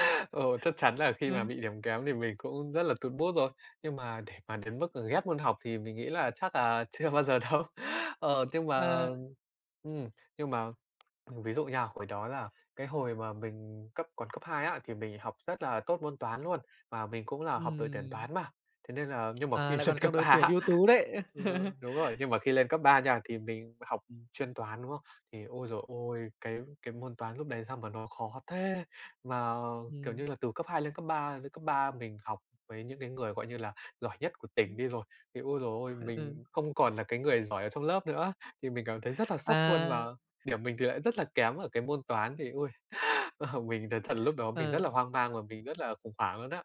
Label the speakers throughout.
Speaker 1: Ừm.
Speaker 2: Ờ, chắc chắn là khi mà
Speaker 1: Ừm.
Speaker 2: bị điểm kém thì mình cũng rất là tụt mood rồi, nhưng mà để mà đến mức ghét môn học thì mình nghĩ là chắc là chưa bao giờ đâu. Ờ, nhưng mà
Speaker 1: À.
Speaker 2: ừm, nhưng mà mình ví dụ nha, hồi đó là cái hồi mà mình cấp còn cấp 2 á, thì mình học rất là tốt môn toán luôn, và mình cũng là học đội tuyển
Speaker 1: Ừm.
Speaker 2: toán mà. Thế nên là nhưng mà
Speaker 1: À,
Speaker 2: khi
Speaker 1: lại
Speaker 2: lên
Speaker 1: còn trong
Speaker 2: cấp 3
Speaker 1: đội tuyển
Speaker 2: á
Speaker 1: ưu tú đấy.
Speaker 2: ơ, đúng rồi, nhưng mà khi lên cấp 3 nha, thì mình học chuyên toán, đúng không? Thì, ôi giời ôi, cái cái môn toán lúc đấy sao mà nó khó thế, mà, kiểu
Speaker 1: Ừm.
Speaker 2: như là, từ cấp 2 lên cấp 3, lên cấp 3 mình học với những cái người, gọi như là, giỏi nhất của tỉnh
Speaker 1: Ừm.
Speaker 2: đi rồi, thì, ôi giời ơi,
Speaker 1: Ừ.
Speaker 2: mình không còn là cái người giỏi ở trong lớp nữa. Thì mình cảm thấy rất là sốc luôn và
Speaker 1: À.
Speaker 2: điểm mình thì lại rất là kém ở cái môn toán, thì, ôi, ờ, mình nói thật lúc đó mình rất
Speaker 1: Ờ.
Speaker 2: là hoang mang và mình rất là khủng hoảng luôn á.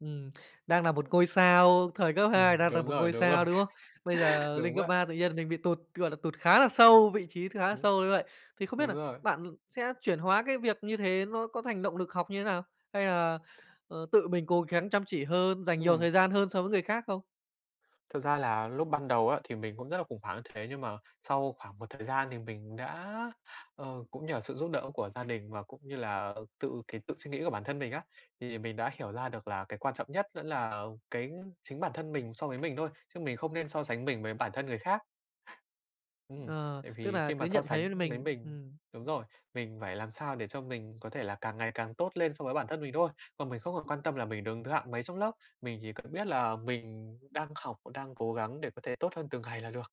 Speaker 1: Ừm, đang nà một ngôi sao, thời cấp 2
Speaker 2: Ừm,
Speaker 1: đang là
Speaker 2: đúng
Speaker 1: một
Speaker 2: rồi,
Speaker 1: ngôi
Speaker 2: đúng rồi,
Speaker 1: sao, đúng không? Bây giờ
Speaker 2: đúng
Speaker 1: lên cấp
Speaker 2: vậy.
Speaker 1: 3 tự nhiên mình bị tụt, gọi là, tụt khá là sâu, vị trí khá là
Speaker 2: [unintelligible]
Speaker 1: sâu như vậy. Thì không biết
Speaker 2: Đúng
Speaker 1: nà
Speaker 2: rồi.
Speaker 1: bạn sẽ chuyển hóa cái việc như thế nó có thành động lực học như thế nào, hay là, ờ, tự mình cố gắng chăm chỉ hơn, dành nhiều
Speaker 2: Ừm.
Speaker 1: thời gian hơn so với người khác không?
Speaker 2: Thực ra là lúc ban đầu á, thì mình cũng rất là khủng hoảng, thế nhưng mà sau khoảng một thời gian thì mình đã ờ, cũng nhờ sự giúp đỡ của gia đình và cũng như là tự cái tự suy nghĩ của bản thân mình á, thì mình đã hiểu ra được là cái quan trọng nhất vẫn là cái chính bản thân mình so với mình thôi, chứ mình không nên so sánh mình với bản thân người khác. Ừm,
Speaker 1: Ờ,
Speaker 2: tại
Speaker 1: tức
Speaker 2: vì
Speaker 1: nà
Speaker 2: khi
Speaker 1: cứ
Speaker 2: mà so
Speaker 1: nhận
Speaker 2: sánh
Speaker 1: thấy
Speaker 2: với
Speaker 1: mình
Speaker 2: mình
Speaker 1: ừm.
Speaker 2: đúng rồi, mình phải làm sao để cho mình có thể là càng ngày càng tốt lên so với bản thân mình thôi. Còn mình không còn quan tâm là mình đứng thứ hạng mấy trong lớp, mình chỉ cần biết là mình đang học, và đang cố gắng để có thể tốt hơn từng ngày là được.